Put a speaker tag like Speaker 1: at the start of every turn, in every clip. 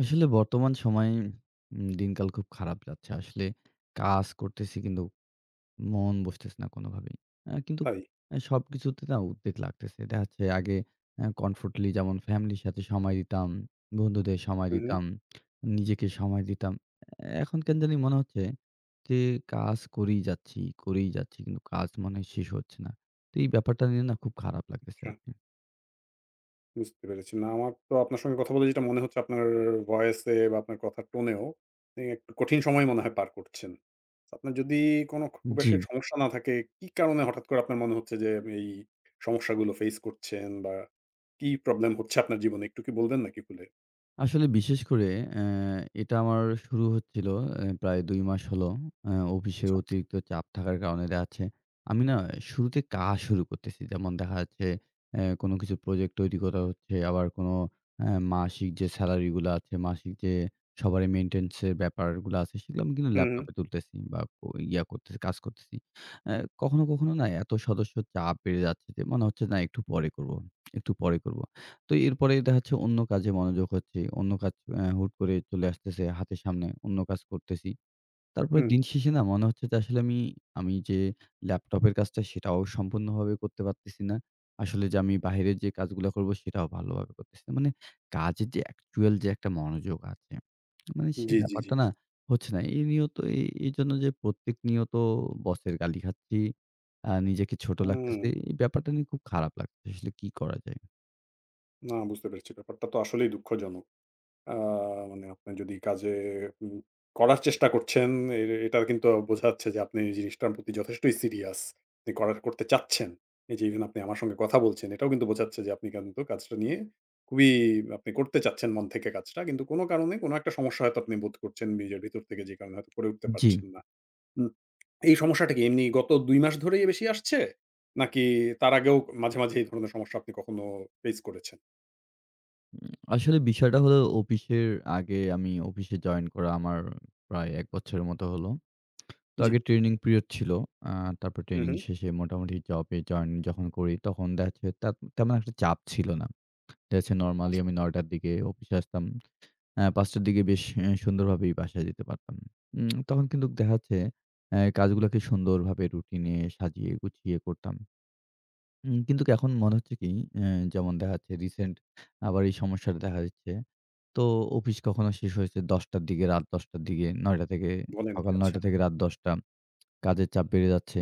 Speaker 1: আসলে বর্তমান সময়ে উম দিনকাল খুব খারাপ যাচ্ছে। আসলে কাজ করতেছি কিন্তু মন বসতেছে না কোনোভাবেই। অ্যা কিন্তু
Speaker 2: তাই?
Speaker 1: অ্যা সবকিছুতে তাও উদ্বেগ লাগতেছে। দেখা যাচ্ছে আগে অ্যা কমফোর্টলি যেমন ফ্যামিলির সাথে সময় দিতাম, বন্ধুদের সময়
Speaker 2: হুম, হুম।
Speaker 1: দিতাম, নিজেকে সময় দিতাম। এখন কেন জানি মনে হচ্ছে যে কাজ করেই যাচ্ছি, করেই যাচ্ছি। কিন্তু কাজ মনে হয় শেষ হচ্ছে না। তো এই ব্যাপারটা নিয়ে না খুব খারাপ লাগতেছে
Speaker 2: আচ্ছা।
Speaker 1: আরকি।
Speaker 2: বুঝতে পেরেছি। না আমার তো আপনার সাথে কথা বলে যেইটা মনে হচ্ছে আপনার ভয়েসে বা আপনার কথার টোনেও মানে একটু কঠিন সময় মনে হয় পার করছেন। আপনার যদি কোনো খুব বেশি এক
Speaker 1: জি।
Speaker 2: সমস্যা না থাকে, কি কারণে হঠাৎ করে আপনার মনে হচ্ছে যে এই সমস্যাগুলো ফেইস করছেন বা কি প্রবলেম হচ্ছে আপনার জীবনে একটু কি বলবেন নাকি খুলে?
Speaker 1: আসলে বিশেষ করে অ্যা এটা আমার শুরু হচ্ছিলো অ্যা প্রায় ২ মাস হলো। অ্যা অফিসের
Speaker 2: আচ্ছা।
Speaker 1: অতিরিক্ত চাপ থাকার কারণে দেখা যাচ্ছে আমি না শুরুতে কাজ শুরু করতেছি। যেমন দেখা যাচ্ছে অ্যা কোনো কিছুর প্রজেক্ট তৈরি করা হচ্ছে। আবার কোনো অ্যা মাসিক যে সেলারিগুলা আছে মাসিক যে সবারই মেইনটেন্যান্স এর ব্যাপারগুলো আছে, সেগুলো আমি
Speaker 2: হুম, হুম।
Speaker 1: ল্যাপটপে তুলতেছি বা ও ইয়া করতেছি, কাজ করতেছি। অ্যা কখনো, কখনো না এতো সদস্য চাপ বেড়ে যাচ্ছে যে মনে হচ্ছে না একটু পরে করবো, একটু পরে করবো। তো এরপরেই দেখা যাচ্ছে অন্য কাজে মনোযোগ হচ্ছি। অন্য কাজ অ্যা হুট করে চলে আসতেছে হাতের সামনে অন্য কাজ করতেছি। তারপরে
Speaker 2: হুম।
Speaker 1: দিনশেষে না মনে হচ্ছে যে আসলে আমি আমি যে ল্যাপটপের কাজটা সেটাও সম্পূর্ণভাবে করতে পারতেছি না। আসলে যে আমি বাইরের যে কাজগুলা করবো সেটাও ভালোভাবে করতেছি না। মানে কাজের যে অ্যাকচুয়াল যে একটা মনোযোগ আছে, মানে সেই
Speaker 2: জি, জি, জি।
Speaker 1: ব্যাপারটা না, হচ্ছে না। এই নিয়ত এ এইজন্য যে প্রত্যেক নিয়ত বসের গালি খাচ্ছি। আ নিজেকে ছোট
Speaker 2: হুম।
Speaker 1: লাগতেছে। এই ব্যাপারটা নিয়ে খুব খারাপ লাগতেছে। আসলে কি করা যায়?
Speaker 2: না, বুঝতে পেরেছি ব্যাপারটা তো আসলেই দুঃখজনক। অ্যা মানে আপনি যদি কাজে এ উম করার চেষ্টা করছেন, এ এ এটার কিন্তু বোঝা যাচ্ছে যে আপনি এই জিনিসটার প্রতি যথেষ্টই সিরিয়াস যে করার করতে চাচ্ছেন। এই যে এই জন্য আপনি আমার সাথে কথা বলছেন এটাও কিন্তু বোঝাচ্ছে যে আপনি কিন্তু কাজটা নিয়ে খুবই আপনি করতে চাচ্ছেন মন থেকে কাজটা। কিন্তু কোনো কারণে কোনো একটা সমস্যা হয়তো আপনি বোধ করছেন নিজের ভিতর থেকে যে কারণে হয়তো করে উঠতে
Speaker 1: জ্বি।
Speaker 2: পারছেন না। উম এই সমস্যাটা কি এমনি গত ২ মাস ধরেই বেশি আসছে? নাকি তার আগেও মাঝে, মাঝে এই ধরনের সমস্যা আপনি কখনো ফেস করেছেন?
Speaker 1: উম আসলে বিষয়টা হল অফিসের আগে আমি অফিসে জয়েন করা আমার প্রায় ১ বছরের মতো হলো। তো
Speaker 2: জ্বি।
Speaker 1: আগে ট্রেনিং পিরিয়ড ছিল। আ তারপর
Speaker 2: হু,
Speaker 1: ট্রেনিং
Speaker 2: হু।
Speaker 1: শেষে মোটামুটি জবে জয়েন যখন করি তখন দেখা যাচ্ছে তেম তেমন একটা চাপ ছিল না। দেখা যাচ্ছে নরমালি
Speaker 2: আচ্ছা।
Speaker 1: আমি ৯:০০ র দিকে অফিসে আসতাম। অ্যা ৫:০০ র দিকে বেশ অ্যা সুন্দরভাবেই বাসায় যেতে পারতাম। উম তখন কিন্তু দেখা যাচ্ছে অ্যা কাজগুলাকে সুন্দরভাবে রুটিনে সাজিয়ে গুছিয়ে করতাম। হুম? কিন্তু এখন মনে হচ্ছে কি? অ্যা যেমন দেখা যাচ্ছে রিসেন্ট আবার এই সমস্যাটা দেখা দিচ্ছে। তো অফিস কখনো শেষ হয়েছে ১০:০০ র দিকে রাত ১০:০০ র দিকে। ৯:০০ থেকে
Speaker 2: বলেন কি?
Speaker 1: সকাল
Speaker 2: আচ্ছা।
Speaker 1: ৯:০০ থেকে রাত
Speaker 2: হুম।
Speaker 1: ১০:০০ কাজের চাপ বেড়ে যাচ্ছে।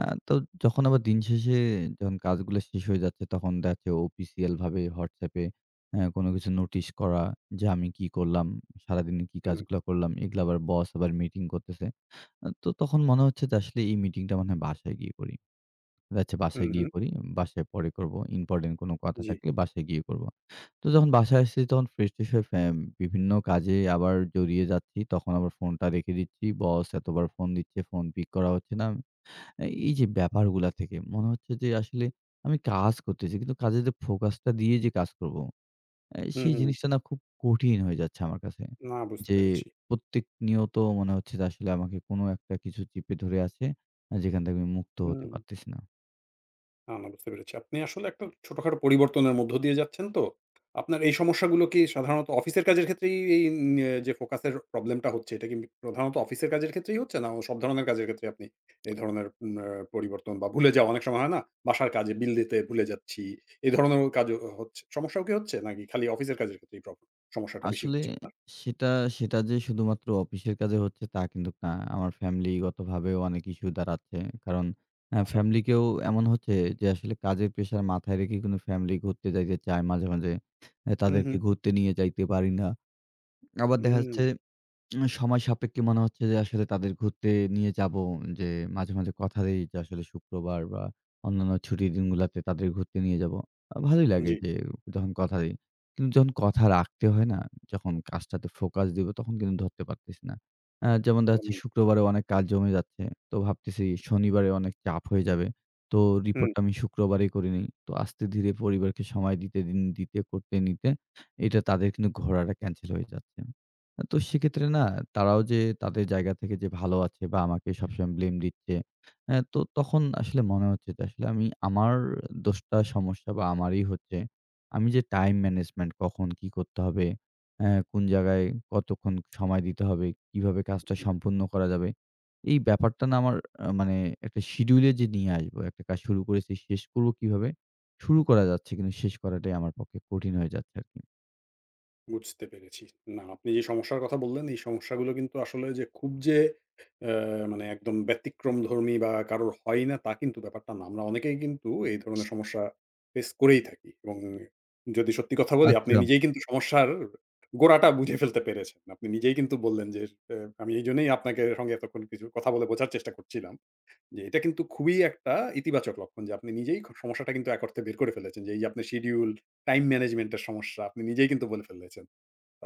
Speaker 1: আ তো যখন আবার দিন শেষে যখন কাজগুলা শেষ হয়ে যাচ্ছে। তখন দেখা যাচ্ছে অফিসিয়াল ভাবে WhatsApp এ হ্যাঁ? কোন কিছু নোটিশ করা যে আমি কি করলাম? সারাদিন কি
Speaker 2: হুম।
Speaker 1: কাজগুলা করলাম? এগুলো আবার বস আবার মিটিং করতেছে। তো তখন মনে হচ্ছে যে আসলে, "এই মিটিংটা মনে হয় বাসায় গিয়ে করি। ও আচ্ছা
Speaker 2: হু,
Speaker 1: বাসায় গিয়ে
Speaker 2: হু।
Speaker 1: করি। বাসায় পরে করব। ইম্পোর্টেন্ট কোন কথা
Speaker 2: জ্বি।
Speaker 1: থাকলে বাসায় গিয়ে করবো।" তো যখন বাসায় আসছি তখন ফ্রেশ-ট্রেশ হয়ে ফে বিভিন্ন কাজে আবার জড়িয়ে যাচ্ছি। তখন আবার ফোনটা রেখে দিচ্ছি। বস এতবার ফোন দিচ্ছে। ফোন পিক করা হচ্ছে না। অ্যা এইযে ব্যাপারগুলা থেকে মনে হচ্ছে যে আসলে আমি কাজ করতেছি। কিন্তু কাজের যে ফোকাসটা দিয়ে যে কাজ করব, অ্যা
Speaker 2: হু,
Speaker 1: সেই
Speaker 2: হু।
Speaker 1: জিনিসটা না খুব কঠিন হয়ে যাচ্ছে আমার কাছে।
Speaker 2: না, বুঝতে
Speaker 1: যে
Speaker 2: পেরেছি।
Speaker 1: প্রত্যেক নিয়ত মনে হচ্ছে যে আসলে আমাকে কোন একটা কিছু চিপে ধরে আছে। আ যেখান থেকে আমি মুক্ত হতে
Speaker 2: হুম।
Speaker 1: পারতেছি না।
Speaker 2: না, না বুঝতে পেরেছি। আপনি আসলে একটা ছোটখাটো পরিবর্তনের মধ্য দিয়ে যাচ্ছেন তো। আপনার এই সমস্যাগুলো কি, সাধারণত অফিসের কাজের ক্ষেত্রেই এই এন ন্য যে ফোকাসের প্রবলেমটা হচ্ছে, এটা কি প্রধানত অফিসের কাজের ক্ষেত্রেই হচ্ছে? না সব ধরণের কাজের ক্ষেত্রে? আপনি এই ধরনের আ পরিবর্তন বা ভুলে যাওয়া অনেক সময় হয় না? বাসার কাজে বিল দিতে ভুলে যাচ্ছি। এই ধরনেরও কাজও হচ্ছে, সমস্যাও কি হচ্ছে, নাকি খালি অফিসের কাজের ক্ষেত্রে প্রবলেম, সমস্যাটা বেশি
Speaker 1: আসলে
Speaker 2: হচ্ছে আপনার?
Speaker 1: সেটা, সেটা যে শুধুমাত্র অফিসের কাজে হচ্ছে, তা কিন্তু না। আমার ফ্যামিলিগতভাবেও অনেক ইস্যু দাঁড়াচ্ছে। কারণ আ
Speaker 2: আচ্ছা।
Speaker 1: ফ্যামিলি কেও এমন হচ্ছে যে, আসলে কাজের প্রেশার মাথায় রেখে, কিন্তু ফ্যামিলি ঘুরতে যাইতে চায় মাঝে, মাঝে। এ
Speaker 2: হু,
Speaker 1: তাদেরকে
Speaker 2: হু।
Speaker 1: ঘুরতে নিয়ে যাইতে পারি না। আবার দেখা যাচ্ছে
Speaker 2: হুম।
Speaker 1: উম সময় সাপেক্ষে মনে হচ্ছে যে, আসলে তাদের ঘুরতে নিয়ে যাব। যে মাঝে, মাঝে কথা দেই যে আসলে শুক্রবার বা অন্যান্য ছুটির দিনগুলাতে তাদের ঘুরতে নিয়ে যাবো। আ ভালোই লাগে
Speaker 2: জ্বী।
Speaker 1: যে যখন কথা দেই। কিন্তু যখন কথা রাখতে হয় না? যখন কাজটাতে ফোকাস দিব, তখন কিন্তু ধরতে পারতেসি না। আ যেমন দেখা যাচ্ছে,
Speaker 2: হু।
Speaker 1: শুক্রবারেও অনেক কাজ জমে যাচ্ছে। তো ভাবতেসি শনিবারেও অনেক চাপ হয়ে যাবে। তো
Speaker 2: হু।
Speaker 1: রিপোর্টটা আমি শুক্রবারেই করে নিই। তো আস্তে-ধীরে পরিবারকে সময় দিতে, ইন দিতে করতে, নিতে, এটা তাদের কিন্তু ঘোড়াটা ক্যানসেল হয়ে যাচ্ছে। তো সেক্ষেত্রে না? তারাও যে, তাদের জায়গা থেকে যে ভালো আছে বা আমাকে সবসময় ব্লেম দিচ্ছে। আ তো তখন আসলে মনে হচ্ছে যে, আসলে আমি আমার দোষটা, সমস্যা বা আমারি হচ্ছে। আমি যে টাইম ম্যানেজমেন্ট কখন কী করতে হবে? আ কোন জায়গায় কতক্ষণ সময় দিতে হবে? কিভাবে কাজটা
Speaker 2: জ্বী।
Speaker 1: সম্পন্ন করা যাবে? এই ব্যাপারটা না? আমার আ মানে একটা শিডিউলে যে নিয়ে আসব, একটা কাজ শুরু করেছি, শেষ করব কিভাবে? শুরু করা যাচ্ছে কিন্তু, শেষ করাটাই আমার পক্ষে কঠিন হয়ে যাচ্ছে আরকি।
Speaker 2: বুঝতে পেরেছি। না আপনি যে সমস্যার কথা বললেন এই সমস্যাগুলো কিন্তু আসলে যে খুব যে এ মানে একদম ব্যতিক্রমধর্মী বা কারো হয়ই না তা কিন্তু ব্যাপারটা না। আমরা অনেকেই কিন্তু এই ধরনের সমস্যা ফেস করেই থাকি এবং যদি সত্যি কথা বলি আপনি
Speaker 1: আচ্ছা।
Speaker 2: নিজেই কিন্তু সমস্যার গোড়াটা বুঝে ফেলতে পেরেছেন। আপনি নিজেই কিন্তু বললেন যে এ আমি এইজন্যই আপনাকে সঙ্গে এতক্ষণ কিছু কথা বলে বোঝার চেষ্টা করছিলাম। যে এটা কিন্তু খুবই একটা ইতিবাচক লক্ষণ যে আপনি নিজেই খুব সমস্যাটা কিন্তু এক অর্থে বের করে ফেলেছেন। যে এইযে আপনার শিডিউল, টাইম ম্যানেজমেন্ট এর সমস্যা আপনি নিজেই কিন্তু বলে ফেলেছেন।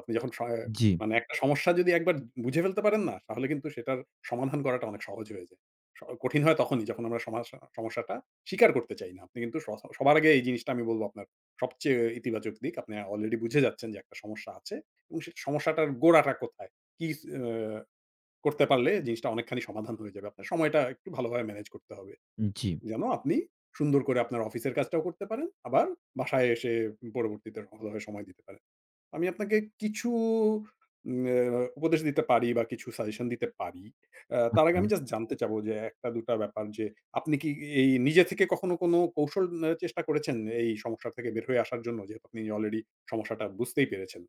Speaker 2: আপনি যখন স অ
Speaker 1: জি।
Speaker 2: মানে একটা সমস্যা যদি একবার বুঝে ফেলতে পারেন না, তাহলে কিন্তু সেটার সমাধান করাটা অনেক সহজ হয়ে যায়। স কঠিন হয় তখনই যখন আমরা সমা সমস্যাটা স্বীকার করতে চাই না। আপনি কিন্তু স সবার আগে এই জিনিসটা আমি বলব আপনার সবচেয়ে ইতিবাচক দিক। আপনি অলরেডি বুঝে যাচ্ছেন যে একটা সমস্যা আছে। এবং সেই সমস্যাটার গোড়াটা কোথায়? কি ছ আ করতে পারলে জিনিসটা অনেকখানি সমাধান হয়ে যাবে। আপনার সময়টা একটু ভালোভাবে ম্যানেজ করতে হবে।
Speaker 1: জি।
Speaker 2: যেন আপনি সুন্দর করে আপনার অফিসের কাজটাও করতে পারেন। আবার বাসায় এসে উম পরবর্তীতে ভালোভাবে সময় দিতে পারেন। আমি আপনাকে কিছু উম আ উপদেশ দিতে পারি বা কিছু সাজেশন দিতে পারি। আ তার আগে আমি
Speaker 1: আচ্ছা।
Speaker 2: জাস্ট জানতে চাব যে একটা দুটা ব্যাপার যে, আপনি কি এই নিজে থেকে কখনো কোন কৌশল অ্যা চেষ্টা করেছেন এই সমস্যা থেকে বের হয়ে আসার জন্য যেহেতু আপনি অলরেডি সমস্যাটা বুঝতেই পেরেছেন?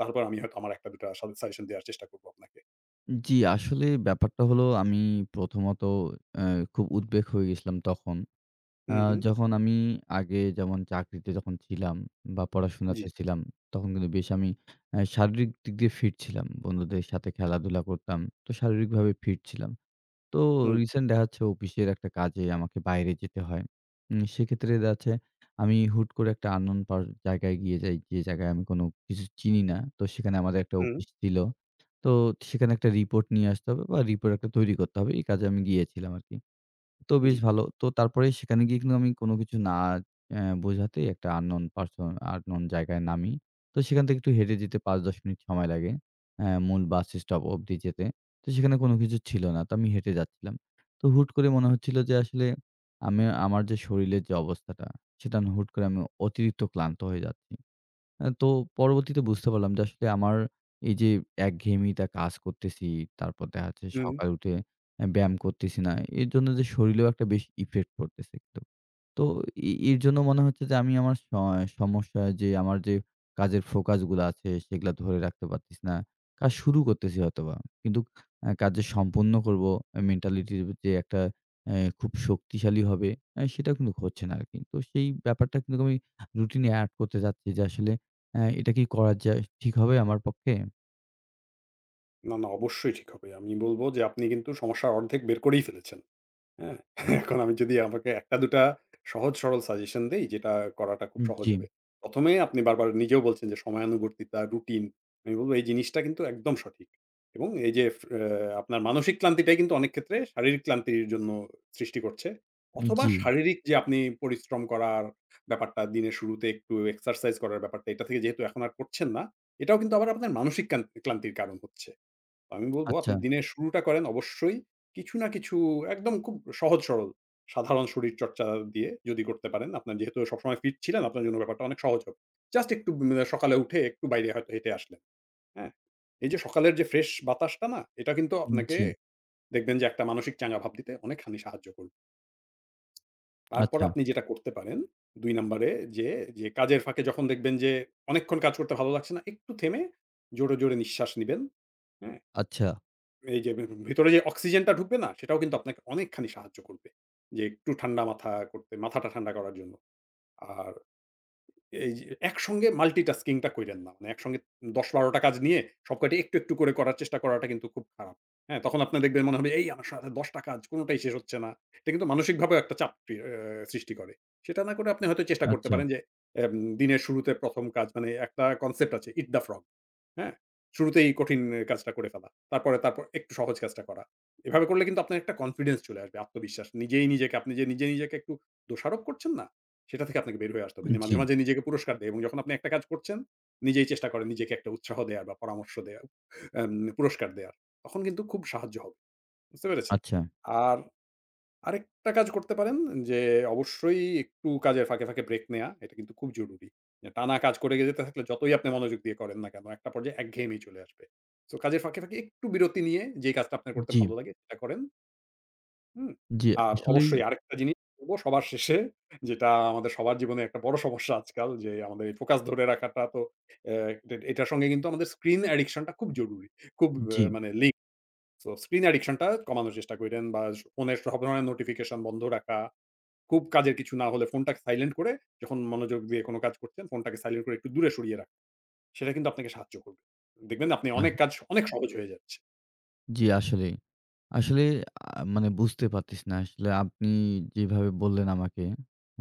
Speaker 2: তারপর আমি হয়তো আমার একটা দুটা সা সাজেশন দেওয়ার চেষ্টা করবো আপনাকে।
Speaker 1: জি, আসলে ব্যাপারটা হলো আমি প্রথমত অ্যা খুব উদ্বেগ হয়ে গেছিলাম তখন। আ
Speaker 2: হুম, হুম।
Speaker 1: যখন আমি আগে যেমন চাকরিতে যখন ছিলাম বা পড়াশোনাতে
Speaker 2: জি।
Speaker 1: ছিলাম, তখন কিন্তু বেশ আমি অ্যা শারীরিক দিক দিয়ে ফিট ছিলাম। বন্ধুদের সাথে খেলাধুলা করতাম। তো শারীরিকভাবে ফিট ছিলাম। তো
Speaker 2: হুম।
Speaker 1: রিসেন্ট দেখা হচ্ছে অফিসের একটা কাজে আমাকে বাইরে যেতে হয়। উম সেক্ষেত্রে দেখাচ্ছে আমি হুট করে একটা unknown পা জায়গায় গিয়ে যাই। যে জায়গায় আমি কোনো কিছু চিনি না। তো সেখানে আমাদের একটা
Speaker 2: হুম।
Speaker 1: অফিস ছিল। তো সেখানে একটা রিপোর্ট নিয়ে আসতে হবে বা রিপোর্ট একটা তৈরি করতে হবে। এই কাজে আমি গিয়েছিলাম আরকি। তো বেশ
Speaker 2: জি।
Speaker 1: ভালো। তো তারপরেই সেখানে গিয়ে আমি কোনো কিছু না অ্যা বোঝাতেই একটা unknown পারসন unknown জায়গায় নামি। তো সেখান থেকে একটু হেঁটে যেতে ৫-১০ মিনিট সময় লাগে। অ্যা 'মুন বাসস্টপ' অব্দি যেতে। তো সেখানে কোনো কিছু ছিল না। তো আমি হেঁটে যাচ্ছিলাম। তো হুট করে মনে হচ্ছিলো যে আসলে আমি আমার যে শরীরের যে অবস্থাটা সেটা আমি হুট করে আমি অতিরিক্ত ক্লান্ত হয়ে যাচ্ছি। অ্যা তো পরবর্তীতে বুঝতে পারলাম যে আসলে আমার এইযে একঘেয়ামিটা কাজ করতেছি, তারপর দেখা যাচ্ছে
Speaker 2: হুম।
Speaker 1: সকালে উঠে অ্যা ব্যায়াম করতেছি না। এরজন্য যে শরীরেও একটা বেশি ইফেক্ট পড়তেছেই তো। তো এ এর জন্য মনে হচ্ছে যে আমি আমার সয় সমস্যা যে আমার যে কাজের ফোকাসগুলা আছে সেগুলা ধরে রাখতে পারতেসি না। কাজ শুরু করতেছি হয়তোবা। কিন্তু অ্যা কাজ যে সম্পন্ন করবো এ মেন্টালিটির ভিত্তি একটা অ্যা খুব শক্তিশালী হবে অ্যা সেটাও কিন্তু হচ্ছে না আরকি। তো সেই ব্যাপারটা কিন্তু আমি রুটিনে এড করতে চাচ্ছি যে আসলে অ্যা এটা কি করা যায়? ঠিক হবে আমার পক্ষে?
Speaker 2: না, না। অবশ্যই ঠিক হবে। আমি বলব যে আপনি কিন্তু সমস্যা অর্ধেক বের করেই ফেলেছেন। হ্যাঁ? এখন আমি যদি আপনাকে ১ টা দুটা সহজ-সরল সাজেশন দেই যেটা করাটা খুব
Speaker 1: উম
Speaker 2: সহজ
Speaker 1: জ্বী।
Speaker 2: হবে। ১ম এ আপনি বারবার নিজেও বলছেন যে সময়ানুবর্তিতা, রুটিন এবং এই জিনিসটা কিন্তু একদম সঠিক এবং এই যে আপনার ফে মানসিক ক্লান্তিটাই কিন্তু অনেক ক্ষেত্রে শারীরিক ক্লান্তির জন্য সৃষ্টি করছে। অথবা
Speaker 1: জ্বী।
Speaker 2: শারীরিক যে আপনি পরিশ্রম করার ব্যাপারটা দিনের শুরুতে একটু এক্সারসাইজ করার ব্যাপারটা এটা থেকে যেহেতু এখন আর করছেন না, এটাও কিন্তু আবার আপনার মানসিক কান্তি ক্লান্তির কারণ হচ্ছে। আমি বলব আপনি
Speaker 1: আচ্ছা।
Speaker 2: দিনের শুরুটা করেন অবশ্যই কিছু না কিছু একদম খুব সহজ সরল সাধারণ শরীরচর্চা দিয়ে যদি করতে পারেন, আপনার যেহেতু সবসময় ফিট ছিলেন আপনার জন্য ব্যাপারটা অনেক সহজ হবে। জাস্ট একটু উম সকালে উঠে একটু বাইরে হয়তো হেঁটে আসলেন। হ্যাঁ? এই যে সকালের যে ফ্রেশ বাতাসটা না এটা কিন্তু
Speaker 1: উম
Speaker 2: আপনাকে
Speaker 1: জ্বী।
Speaker 2: দেখবেন যে একটা মানসিক চাঙ্গা ভাব দিতে অনেকখানি সাহায্য করবে। তারপর
Speaker 1: আচ্ছা।
Speaker 2: আপনি যেটা করতে পারেন ২ নাম্বরে যে, যে কাজের ফাঁকে যখন দেখবেন যে অনেকক্ষণ কাজ করতে ভালো লাগছে না একটু থেমে জোরে, জোরে নিঃশ্বাস নিবেন। হ্যাঁ?
Speaker 1: আচ্ছা।
Speaker 2: এই যে ভি ভিতরে যে অক্সিজেনটা ঢুকবে না সেটাও কিন্তু আপনাকে অনেকখানি সাহায্য করবে। যে একটু ঠান্ডা মাথা করতে মাথাটা ঠান্ডা করার জন্য। আর এইযে একসঙ্গে মাল্টিটাস্কিং টা কইরেন না। মানে একসঙ্গে ১০-১২ টা কাজ নিয়ে সবকয়টি একটু, একটু করে করার চেষ্টা করাটা কিন্তু খুব খারাপ। হ্যাঁ? তখন আপনার দেখবেন মনে হবে, "এই আ সা ১০ টা কাজ কোনটাই শেষ হচ্ছে না।" এটা কিন্তু মানসিকভাবেও একটা চাপ এ সৃষ্টি করে। সেটা না করে আপনি হয়তো চেষ্টা করতে
Speaker 1: আচ্ছা।
Speaker 2: পারেন যে এম দিনের শুরুতে ১ম কাজ মানে একটা কনসেপ্ট আছে 'ইট দ্য ফ্রগ।' হ্যাঁ? শুরুতেই কঠিন কাজটা করে ফেলা। তারপরে তারপর একটু সহজ কাজটা করা। এভাবে করলে কিন্তু আপনার একটা কনফিডেন্স চলে আসবে আত্মবিশ্বাস। নিজেই নিজেকে আপনি যে নিজে নিজেকে একটু দোষারোপ করছেন না? সেটা থেকে আপনাকে বের হয়ে আসতে হবে।
Speaker 1: আন
Speaker 2: মাঝে,
Speaker 1: জ্বী।
Speaker 2: মাঝে নিজেকে পুরস্কার দেয় এবং যখন আপনি একটা কাজ করছেন নিজেই চেষ্টা করেন নিজেকে একটা উৎসাহ দেয়ার বা পরামর্শ দেওয়ার এম পুরস্কার দেয়ার। তখন কিন্তু খুব সাহায্য হবে। বুঝতে পেরেছেন?
Speaker 1: আচ্ছা।
Speaker 2: আর আরেকটা কাজ করতে পারেন যে অবশ্যই একটু কাজের ফাঁকে, ফাঁকে ব্রেক নেয়া এটা কিন্তু খুব জরুরি। যে টানা কাজ করে যেতে থাকলে যতই আপনি মনোযোগ দিয়ে করেন না কেন একটা পর্যায়ে একঘেয়েমি চলে আসবে। সো কাজের ফাঁকে, ফাঁকে একটু বিরতি নিয়ে যে কাজটা আপনার করতে
Speaker 1: জ্বী।
Speaker 2: ভালো লাগে সেটা করেন। হুম।
Speaker 1: জি।
Speaker 2: আর
Speaker 1: আসলেই
Speaker 2: অবশ্যই আরেকটা জিনিস করবো সবার শেষে যেটা আমাদের সবার জীবনেই একটা বড় সমস্যা আজকাল যে আমাদের ফোকাস ধরে রাখাটাতো অ্যা ডে এটার সঙ্গে কিন্তু আমাদের স্ক্রিন অ্যাডিকশন টা খুব জরুরি। খুব অ্যা
Speaker 1: জি।
Speaker 2: মানে এ লিংকড। সো স্ক্রিন অ্যাডিকশন টা কমানোর চেষ্টা কইরেন। বা স ফোনে সব ধরনের নোটিফিকেশন বন্ধও রাখা। খুব কাজের কিছু না হলে ফোনটাকে সাইলেন্ট করে, যখন মনোযোগ দিয়ে কোনো কাজ করছেন, ফোনটাকে সাইলেন্ট করে একটু দূরে সরিয়ে রাখেন। সেটা কিন্তু আপনাকে সাহায্য করবে। দেখবেন আপনি
Speaker 1: আহ
Speaker 2: অনেক কাজ অনেক সহজ হয়ে যাচ্ছে।
Speaker 1: জি আসলে। আসলে আহ মানে বুঝতে পারতেছিনা। আসলে আপনি যেভাবে বললেন, আমাকে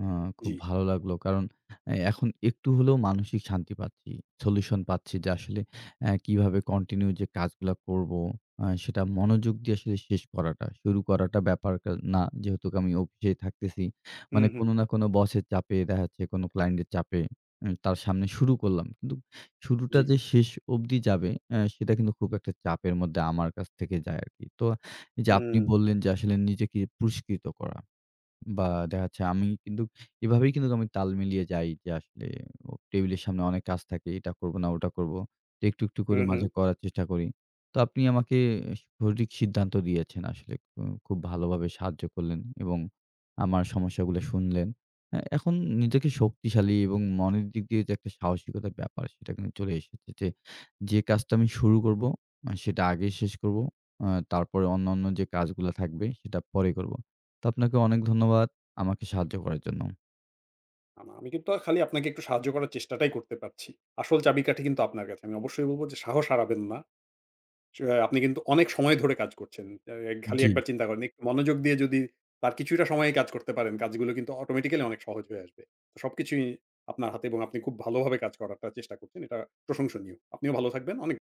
Speaker 1: অ খুব
Speaker 2: জি।
Speaker 1: ভালো লাগলো। কারণ অ্যা এখন একটু হলেও মানসিক শান্তি পাচ্ছি। সলিউশন পাচ্ছি যে আসলে অ্যা কিভাবে কন্টিনিউ যে কাজগুলা করবো? আ সেটা মনোযোগ দিয়ে আসলে শেষ করাটা। শুরু করাটা ব্যাপারটা না। যেহেতু আমি অফিসে থাকতেছি,
Speaker 2: হুম,
Speaker 1: মানে
Speaker 2: হু্ম।
Speaker 1: কোনো না কোনো বসের চাপে দেখা যাচ্ছে কোনো ক্লায়েন্টের চাপে, হুম? তার সামনে শুরু করলাম। কিন্তু শুরুটা
Speaker 2: জি।
Speaker 1: যে শেষ অবধি যাবে অ্যা সেটা কিন্তু খুব একটা চাপের মধ্যে আমার কাছ থেকে যায় আরকি। তো এইযে আপনি
Speaker 2: হুম।
Speaker 1: বললেন, যে আসলে নিজেকে পুরস্কৃত করা। বা দেখা যাচ্ছে, আমি কিন্তু এভাবেই কিন্তু তাল মিলিয়ে যাই, যে আসলে হু টেবিলের সামনে অনেক কাজ থাকে, এটা করবো না ওটা করবো। একটু, একটু করে
Speaker 2: হুম,
Speaker 1: মাঝে
Speaker 2: হু্ম।
Speaker 1: করার চেষ্টা করি। তো আপনি আমাকে সঠিক সিদ্ধান্ত দিয়েছেন আসলে, হুম। খুব ভালোভাবে সাহায্য করলেন এবং আমার সমস্যাগুলা শুনলেন। এ এখন নিজেকে শক্তিশালী এবং মনের দিক দিয়ে যে একটা সাহসিকতার ব্যাপার সেটা কিন্তু চলে এসেছে। যে, যে কাজটা আমি শুরু করবো, আ সেটা আগে শেষ করবো। আ তারপরে অন্যান্য যে কাজগুলো থাকবে, সেটা পরে করবো। তো আপনাকে অনেক ধন্যবাদ, আমাকে সাহায্য করার জন্য।
Speaker 2: আমা আমি কিন্তু খালি আপনাকে একটু সাহায্য করার চেষ্টাটাই করতে পারছি। আসল চাবিকাঠি কিন্তু আপনার কাছে। আমি অবশ্যই বলবো যে সাহস হারাবেন না। চ্যা হ্যাঁ আপনি কিন্তু অনেক সময় ধরে কাজ করছেন। অ্যা খালি ১
Speaker 1: জি।
Speaker 2: বার চিন্তা করেন একটু মনোযোগ দিয়ে যদি তার কিছুটা সময়েই কাজ করতে পারেন, কাজগুলো কিন্তু অটোমেটিক্যালি অনেক সহজ হয়ে আসবে। সবকিছুই আপনার হাতে, এবং আপনি খুব ভালোভাবে কাজ করারটা চেষ্টা করছেন। এটা প্রশংসনীয়। আপনিও ভালো থাকবেন অনেক